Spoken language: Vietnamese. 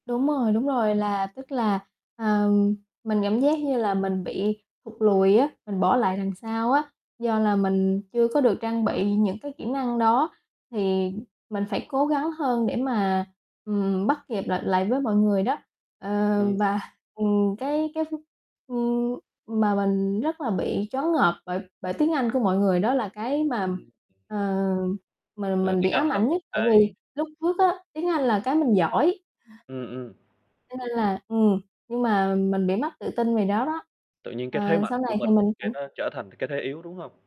Đúng rồi, đúng rồi, là tức là, ờ, mình cảm giác như là mình bị thụt lùi á, mình bỏ lại đằng sau á, do là mình chưa có được trang bị những cái kỹ năng đó, thì mình phải cố gắng hơn để mà, ừm, bắt kịp lại lại với mọi người, đó. Ờ, Ừm. và, ừm, cái cái, ưm, ừm, mà mình rất là bị choáng ngợp bởi bởi tiếng Anh của mọi người, đó là cái mà, Ừm. ờ, mình Là mình bị tiếng Anh ám là ảnh một nhất tại vì cái lúc trước á, tiếng Anh là cái mình giỏi. Ừm, ừm. Cho nên là, ừm, nhưng mà mình bị mất tự tin về đó đó. Tự nhiên cái thế Ờ, mạnh sau của này thì mình mình cái cũng nó trở thành cái thế yếu, đúng hông?